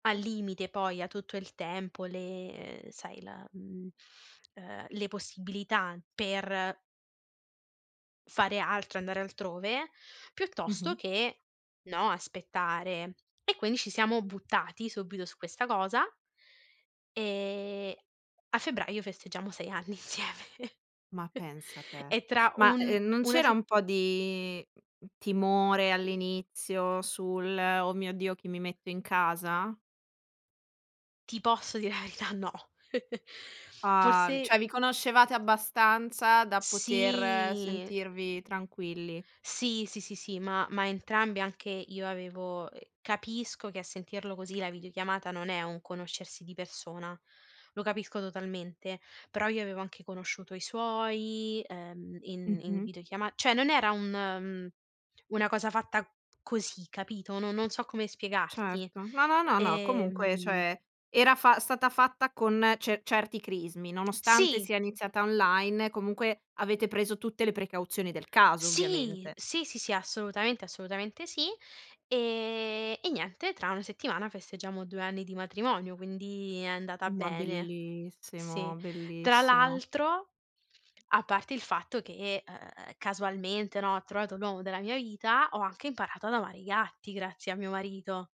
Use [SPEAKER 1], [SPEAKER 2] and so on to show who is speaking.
[SPEAKER 1] Al limite poi ha tutto il tempo, le ehm sai, la mhmm, ehm, le possibilità per fare altro, andare altrove, piuttosto
[SPEAKER 2] Mh-mh.
[SPEAKER 1] che, no, aspettare. E quindi ci siamo buttati subito su questa cosa e a febbraio festeggiamo 6 anni insieme
[SPEAKER 2] Ma pensa te.
[SPEAKER 1] E tra
[SPEAKER 2] Ma
[SPEAKER 1] un
[SPEAKER 2] ehm, mhmm, non
[SPEAKER 1] una
[SPEAKER 2] c'era
[SPEAKER 1] se
[SPEAKER 2] un po' di, mhmm, mhmm, timore all'inizio sul: "Oh mio Dio chi mi metto in casa?"
[SPEAKER 1] Ti posso dire la verità? No.
[SPEAKER 2] Ah!
[SPEAKER 1] Forse
[SPEAKER 2] Cioè vi conoscevate abbastanza da poter
[SPEAKER 1] Sì.
[SPEAKER 2] sentirvi tranquilli.
[SPEAKER 1] Sì. Sì, sì, sì, ma ma entrambi. Anche io avevo ehm, capisco che a sentirlo così la videochiamata non è un conoscersi di persona, lo capisco totalmente, però io avevo anche conosciuto i suoi, ehm, in in
[SPEAKER 2] Mh-mh.
[SPEAKER 1] videochiama cioè non era un mhmm, una cosa fatta così capito? No non so come spiegarti.
[SPEAKER 2] Certo, no, no, no, no, comunque
[SPEAKER 1] Ehm
[SPEAKER 2] cioè era fa stata fatta con ce certi crismi, nonostante
[SPEAKER 1] Sì!
[SPEAKER 2] sia iniziata online comunque avete preso tutte le precauzioni del caso
[SPEAKER 1] Sì!
[SPEAKER 2] ovviamente.
[SPEAKER 1] Sì, sì, sì, assolutamente assolutamente sì. Ehm, e niente, tra una settimana festeggiamo 2 anni di matrimonio, quindi è andata
[SPEAKER 2] Ma
[SPEAKER 1] bene. Sì,
[SPEAKER 2] bellissimo,
[SPEAKER 1] tra
[SPEAKER 2] bellissimo.
[SPEAKER 1] l'altro, a parte il fatto che, ehm, casualmente, no, ho trovato l'uomo della mia vita, ho anche imparato ad amare i gatti grazie a mio marito.